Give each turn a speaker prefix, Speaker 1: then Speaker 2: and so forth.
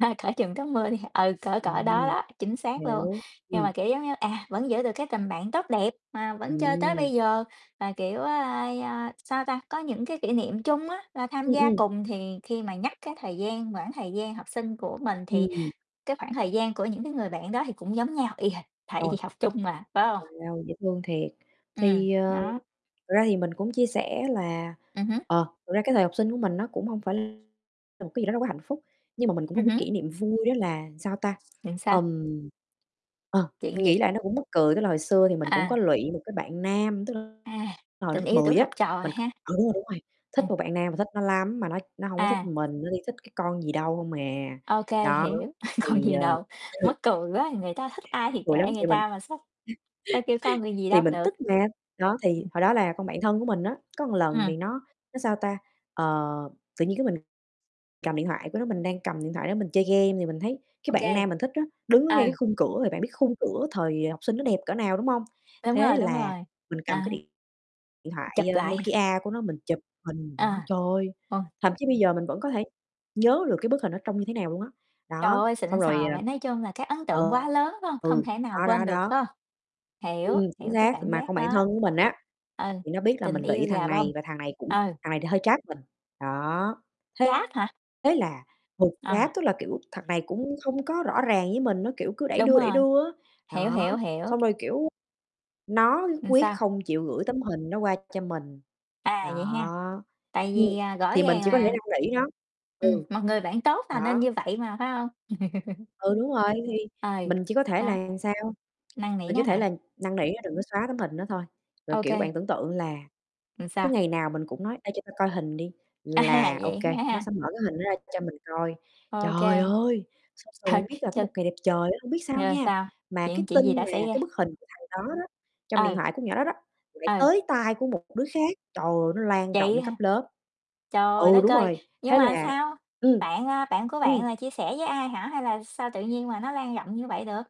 Speaker 1: À, cởi truồng tắm mưa đi h ừ, cỡ cỡ đó
Speaker 2: Ừm,
Speaker 1: đó, chính xác luôn.
Speaker 2: nếu
Speaker 1: Nhưng
Speaker 2: ừm.
Speaker 1: mà, kiểu giống như, à, vẫn giữ được cái tình bạn tốt đẹp, mà vẫn chơi tới
Speaker 2: Ừm.
Speaker 1: bây giờ là, kiểu, ơ, ơ, sao ta, có những cái kỷ niệm chung á, là tham
Speaker 2: Ừm,
Speaker 1: gia
Speaker 2: ừm.
Speaker 1: cùng. Thì khi mà nhắc cái thời gian quãng thời gian học sinh của mình thì
Speaker 2: Ừm.
Speaker 1: cái khoảng thời gian của những cái người bạn đó thì cũng giống nhau y hệt, tại vì
Speaker 2: Rồi,
Speaker 1: học chung mà, phải hông?
Speaker 2: bằng nhau, dễ thương thiệt,
Speaker 1: Ừm,
Speaker 2: thì, ờ,
Speaker 1: đó.
Speaker 2: thực ra thì mình cũng chia sẻ là,
Speaker 1: Ừm hứm.
Speaker 2: ờ, thực ra cái thời học sinh của mình nó cũng hông phải là một cái gì đó rất hạnh phúc, nhưng mà mình cũng có
Speaker 1: Ừm
Speaker 2: một cái
Speaker 1: hứm.
Speaker 2: kỷ niệm vui, đó là, sao ta,
Speaker 1: Chính xác.
Speaker 2: ờm, ờ,
Speaker 1: Chuyện
Speaker 2: mình
Speaker 1: gì?
Speaker 2: nghĩ lại nó cũng mắc cười, tức là, hồi xưa thì mình cũng có
Speaker 1: À.
Speaker 2: lụy một cái bạn nam, tức là
Speaker 1: À,
Speaker 2: hồi
Speaker 1: tình
Speaker 2: lớp
Speaker 1: yêu tuổi
Speaker 2: 10 á,
Speaker 1: học trò
Speaker 2: mình c
Speaker 1: ha.
Speaker 2: ừ, đúng rồi, đúng rồi, thích
Speaker 1: Ừm.
Speaker 2: một bạn nam, mà thích nó lắm, mà nó nó hông có thích
Speaker 1: À.
Speaker 2: mình, nó đi thích cái con gì đâu hông à.
Speaker 1: Ô kê,
Speaker 2: Đó,
Speaker 1: hiểu, con
Speaker 2: thì,
Speaker 1: gì
Speaker 2: ờ
Speaker 1: đâu.
Speaker 2: ừ.
Speaker 1: Mắc cười quá, người ta thích ai
Speaker 2: Mắc
Speaker 1: thì
Speaker 2: cười lắm,
Speaker 1: kệ người
Speaker 2: thì mình
Speaker 1: ta mà, sao sao kêu con người gì
Speaker 2: thì
Speaker 1: đâu
Speaker 2: mình
Speaker 1: được.
Speaker 2: tức mà, đó, thì
Speaker 1: Ừm.
Speaker 2: hồi đó là con bạn thân của mình á, có một lần
Speaker 1: Ừm.
Speaker 2: vì nó nó, sao ta, ờ, tự nhiên cái mình cầm điện thoại của nó, mình đang cầm điện thoại nó mình chơi game thì mình thấy cái
Speaker 1: Ô
Speaker 2: bạn
Speaker 1: kê.
Speaker 2: nam mình thích á, đứng ở ngay cái
Speaker 1: Ừ.
Speaker 2: khung cửa, rồi bạn biết khung cửa thời học sinh nó đẹp cỡ nào, đúng hông?
Speaker 1: Đúng
Speaker 2: Thế
Speaker 1: rồi, đúng
Speaker 2: là
Speaker 1: rồi,
Speaker 2: mình cầm cái
Speaker 1: à.
Speaker 2: điện điện thoại,
Speaker 1: Chụp
Speaker 2: a,
Speaker 1: lại hả?
Speaker 2: Nokia của nó mình chụp hình đó.
Speaker 1: À,
Speaker 2: Trời,
Speaker 1: ô.
Speaker 2: thậm chí bây giờ mình vẫn có thể nhớ được cái bức hình nó trông như thế nào luôn á.
Speaker 1: Trời
Speaker 2: Đó,
Speaker 1: ơi,
Speaker 2: xong
Speaker 1: xịn
Speaker 2: rồi,
Speaker 1: sò
Speaker 2: à
Speaker 1: vậy, nói chung là cái ấn
Speaker 2: ừ,
Speaker 1: tượng quá lớn, phải hông? Không
Speaker 2: ừ,
Speaker 1: thể nào
Speaker 2: đó, đó,
Speaker 1: quên được,
Speaker 2: đó.
Speaker 1: phải không? Hiểu,
Speaker 2: Ừm, chính
Speaker 1: hiểu cái
Speaker 2: xác, thì
Speaker 1: cảm
Speaker 2: mà
Speaker 1: giác
Speaker 2: con bạn
Speaker 1: đó.
Speaker 2: thân của mình á,
Speaker 1: Ừ,
Speaker 2: thì nó biết là
Speaker 1: tình
Speaker 2: mình
Speaker 1: yêu
Speaker 2: lụy thằng
Speaker 1: gà bông,
Speaker 2: này, và thằng này cũng
Speaker 1: ừ.
Speaker 2: thằng này thì hơi trap mình, đó. Thế
Speaker 1: Chát hả?
Speaker 2: thế là [unintelligible] trap
Speaker 1: À.
Speaker 2: tức là, kiểu, thằng này cũng không có rõ ràng với mình á, kiểu, cứ đẩy
Speaker 1: Đúng
Speaker 2: đưa, đẩy
Speaker 1: rồi,
Speaker 2: đưa á.
Speaker 1: hiểu,
Speaker 2: Đó,
Speaker 1: hiểu, hiểu.
Speaker 2: xong rồi, kiểu, nó nhất
Speaker 1: Làm
Speaker 2: quyết
Speaker 1: sao?
Speaker 2: không chịu gửi tấm hình nó qua cho mình,
Speaker 1: À,
Speaker 2: đó,
Speaker 1: vậy ha, tại
Speaker 2: ừm,
Speaker 1: vì, à, rõ
Speaker 2: thì mình
Speaker 1: ràng
Speaker 2: chỉ có thể
Speaker 1: mà.
Speaker 2: năn nỉ nó
Speaker 1: Ừm,
Speaker 2: ừ.
Speaker 1: một người bạn tốt là nên
Speaker 2: Đó.
Speaker 1: như vậy mà, phải hông?
Speaker 2: Ừ, đúng rồi, thì
Speaker 1: Ừ,
Speaker 2: mình chỉ có thể
Speaker 1: đó.
Speaker 2: là làm sao,
Speaker 1: Năn nỉ
Speaker 2: mình
Speaker 1: nó
Speaker 2: chỉ thể
Speaker 1: hả?
Speaker 2: là năn nỉ nó đừng có xóa tấm hình đó thôi, rồi,
Speaker 1: Ô
Speaker 2: kiểu, bạn
Speaker 1: kê.
Speaker 2: tưởng tượng là
Speaker 1: Ừ,
Speaker 2: cứ
Speaker 1: sao?
Speaker 2: ngày nào mình cũng nói: "Ê, cho tao coi hình đi."
Speaker 1: À,
Speaker 2: Là ô
Speaker 1: vậy
Speaker 2: kê, nó
Speaker 1: ha.
Speaker 2: sẽ mở cái hình đó ra cho mình coi.
Speaker 1: Ô
Speaker 2: Trời
Speaker 1: kê.
Speaker 2: ơi! Xong rồi bạn biết là có một
Speaker 1: [unintelligible]
Speaker 2: ngày đẹp trời á, hông biết sao
Speaker 1: Rồi
Speaker 2: nha,
Speaker 1: sao,
Speaker 2: mà cái
Speaker 1: chuyện chuyện gì
Speaker 2: tin
Speaker 1: đã
Speaker 2: mà
Speaker 1: xảy
Speaker 2: cái
Speaker 1: ra?
Speaker 2: bức hình của thằng đó đó, trong điện
Speaker 1: Ừ.
Speaker 2: thoại con nhỏ đó đó, lại
Speaker 1: Ừ.
Speaker 2: tới tai của một đứa khác, trời ơi, nó lan
Speaker 1: Vậy
Speaker 2: rộng cấp
Speaker 1: hả?
Speaker 2: lớp. Ừ,
Speaker 1: Trời đất
Speaker 2: đúng
Speaker 1: ơi,
Speaker 2: rồi,
Speaker 1: nhưng
Speaker 2: thế
Speaker 1: mà
Speaker 2: là
Speaker 1: sao
Speaker 2: ừm.
Speaker 1: bạn, à, bạn của bạn
Speaker 2: Ừm.
Speaker 1: là chia sẻ với ai hả? Hay là sao tự nhiên mà nó lan rộng như vậy được?